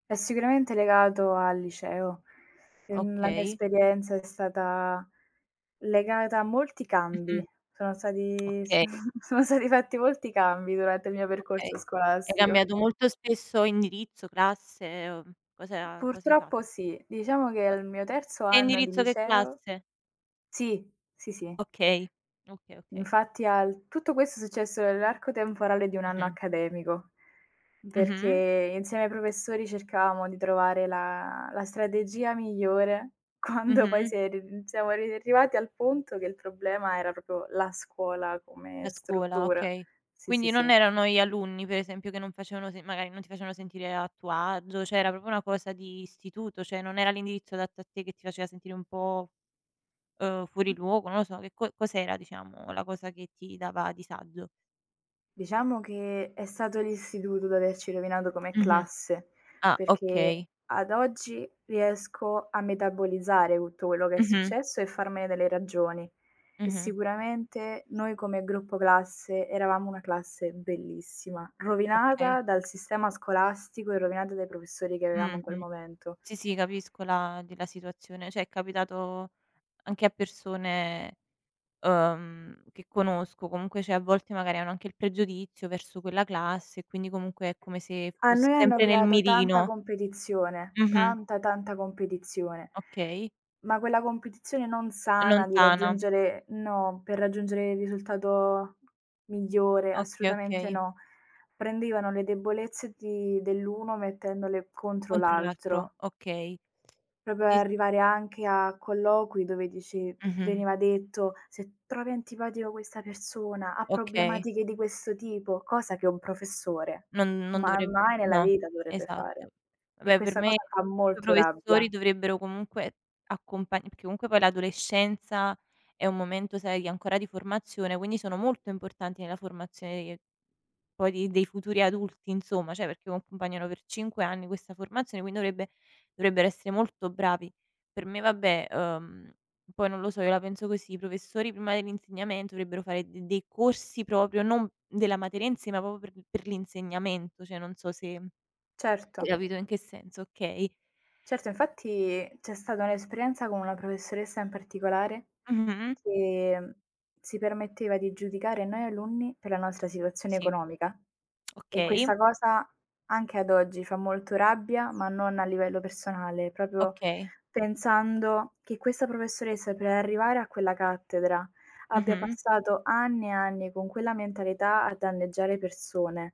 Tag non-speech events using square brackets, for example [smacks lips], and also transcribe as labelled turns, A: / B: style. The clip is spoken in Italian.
A: È sicuramente legato al liceo. Ehm, la mia
B: Okay.
A: esperienza è stata legata a molti
B: Mh-mh.
A: cambi. Sono stati s
B: Okay.
A: sono stati fatti molti cambi durante il mio percorso
B: Okay. Hai
A: scolastico.
B: cambiato molto spesso indirizzo, classe o cos'ha cosa hai fatto?
A: Purtroppo sì, diciamo che
B: Ma
A: al mio terzo
B: che
A: anno di
B: indirizzo che
A: liceo
B: classe?
A: sì, sì, sì.
B: Okay. Okay, okay.
A: Infatti al tutto questo è successo nell'arco temporale di 1 anno
B: Mh-mh.
A: accademico,
B: Mh-mh.
A: perché insieme ai professori cercavamo di trovare la la strategia migliore, quando poi
B: Mh-mh.
A: si è ri mhmm, siamo arri arrivati al punto che il problema era proprio la scuola
B: La
A: come
B: scuola,
A: struttura.
B: okay.
A: Sì,
B: Quindi
A: sì,
B: non
A: sì.
B: erano gli alunni, per esempio, che non facevano se magari ,non ti facevano sentire a tuo agio, cioè, era proprio una cosa di istituto, cioè, non era l'indirizzo adatto a te che ti faceva sentire un po', uhm, fuori luogo? Non lo so, che co cos'era, diciamo, la cosa che ti dava disagio?
A: Diciamo che è stato l'istituto ad averci rovinato come
B: Mh-mh.
A: classe,
B: Ah,
A: perché,
B: okay.
A: ad oggi, riesco a metabolizzare tutto quello che è
B: Mh-mh.
A: successo e farmene delle ragioni. E
B: Mh-mh.
A: sicuramente noi, come gruppo classe, eravamo una classe bellissima,
B: Okay.
A: rovinata dal sistema scolastico e rovinata dai professori che avevamo in quel
B: Mh-mh.
A: momento.
B: Sì, sì, capisco la di la situazione. Cioè, è capitato anche a persone, uhm, che conosco, comunque, cioè, a volte, magari, hanno anche il pregiudizio verso quella classe, e quindi, comunque, è come se
A: A
B: fossi
A: noi hanno
B: sempre nel
A: creato tanta
B: mirino.
A: competizione.
B: Mh-mh.
A: Tanta, tanta competizione.
B: Okay.
A: Ma quella competizione non
B: Non
A: sana di
B: sana.
A: raggiungere no, per raggiungere il risultato migliore,
B: Okay,
A: assolutamente
B: okay.
A: no. Prendevano le debolezze di dell'uno mettendole contro
B: Contro l'altro,
A: l'altro.
B: okay.
A: Proprio
B: Sì.
A: arrivare anche a colloqui dove dici
B: Mh-mh.
A: veniva detto: "Se trovi antipatica questa persona, ha
B: Okay.
A: problematiche di questo tipo.", cosa che un professore
B: Non non
A: ma
B: dovreb
A: mai nella
B: no,
A: vita dovrebbe fare.
B: esatto.
A: E
B: Vabbè, per
A: questa
B: me, [unintelligible]
A: cosa fa
B: i
A: molto
B: professori
A: rabbia.
B: dovrebbero, comunque, accompag perché, comunque, poi, l'adolescenza è un momento, sai, ancora di formazione, quindi sono molto importanti nella formazione che poi di dei futuri adulti, insomma, cioè, perché accompagnano per 5 anni questa formazione, quindi dovrebbe dovrebbero essere molto bravi. Per me, vabbè, uhm, poi non lo so, io la penso così, i professori, prima dell'insegnamento, dovrebbero fare de dei corsi proprio, non della materia in sé, ma proprio per l per l'insegnamento. Cioè, non so se [swallows] hai
A: Certo.
B: capito in che senso, okay.
A: Certo, infatti c'è stata un'esperienza con una professoressa in particolare
B: Mh-mh.
A: che si permetteva di giudicare noi alunni per la nostra situazione
B: Sì.
A: economica.
B: [smacks lips]
A: E
B: Okay.
A: questa cosa anche ad oggi fa molto rabbia, ma non a livello personale, proprio
B: Okay.
A: pensando che questa professoressa per arrivare a quella cattedra abbia
B: Mh-mh.
A: passato anni e anni con quella mentalità a danneggiare persone.